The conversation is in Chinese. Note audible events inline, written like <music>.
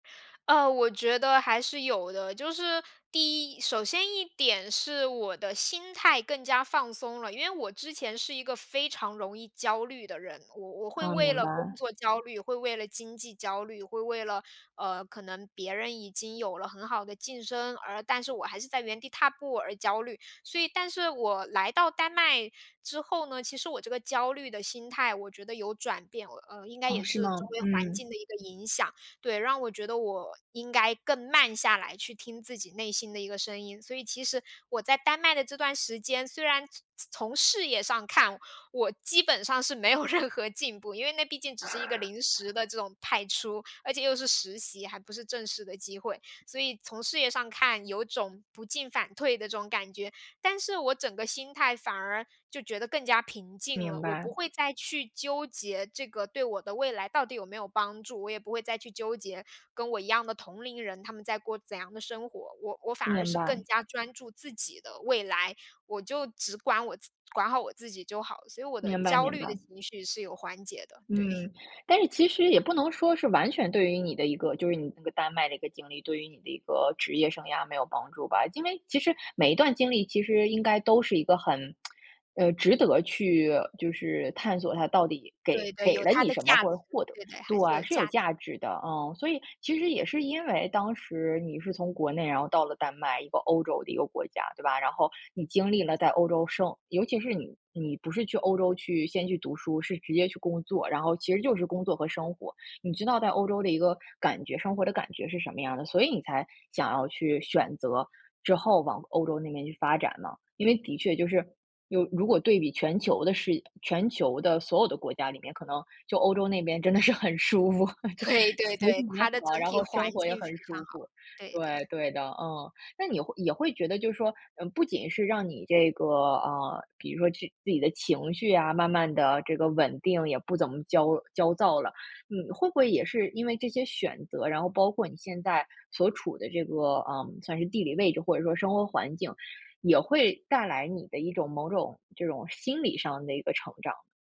呃，我觉得还是有的。就是第一首先一点是我的心态更加放松了，因为我之前是一个非常容易焦虑的人。我我会哦，为明了工白。作焦虑，会为了经济焦虑，会为了，呃，可能别人已经有了很好的晋升，而但是我还是在原地踏步而焦虑。所以但是我来到丹麦之后呢，其实我这个焦虑的心态，我觉得有转变。我，呃，应该哦，也是是周吗？围环嗯。境的一个影响，对，让我觉得我应该更慢下来去听自己内心的一个声音。所以其实我在丹麦的这段时间，虽然从事业上看，我基本上是没有任何进步，因为那毕竟只是一个 <chuckles> 临时的这种派出，而且又是实习，还不是正式的机会。所以从事业上看，有种不进反退的这种感觉，但是我整个心态反而就觉得更加平静了。明我不白。会再去纠结这个对我的未来到底有没有帮助，我也不会再去纠结跟我一样的同龄人，他们在过怎样的生活。我我反而明是更白。加专注自己的未来，我就只管我自管好我自己就好，所以我的明白焦明虑的白。情绪是有缓解的，对。嗯，但是其实也不能说是完全对于你的一个就是你那个丹麦的一个经历，对于你的一个职业生涯没有帮助吧。因为其实每一段经历其实应该都是一个很，<tsk> 呃，值得去就是探索它到底给对对，给有了它你的什么，价值，或者获得对对，对，还是嗯，有是有价值。价值的，嗯。所以其实也是因为当时你是从国内然后到了丹麦，一个欧洲的一个国家，对吧？然后你经历了在欧洲生尤其是你你不是去欧洲去，先去读书，是直接去工作，然后其实就是工作和生活。你知道在欧洲的一个感觉生活的感觉是什么样的，所以你才想要去选择之后往欧洲那边去发展了。因为的确就是有如果对比全球的视全球的所有的国家里面，可能就欧洲那边真的是很舒服，这会，对服对，务也它的好，整然体后生环活也境非很常舒好，服。对对。对，对的，嗯。那你会也会觉得就是说不仅是让你这个，啊，比如说自己的情绪啊，慢慢地这个稳定，也不怎么焦焦躁了。嗯，会不会也是因为这些选择，然后包括你现在所处的这个，嗯，算是地理位置，或者说生活环境，也会带来你的一种，某种这种心理上的一个成长。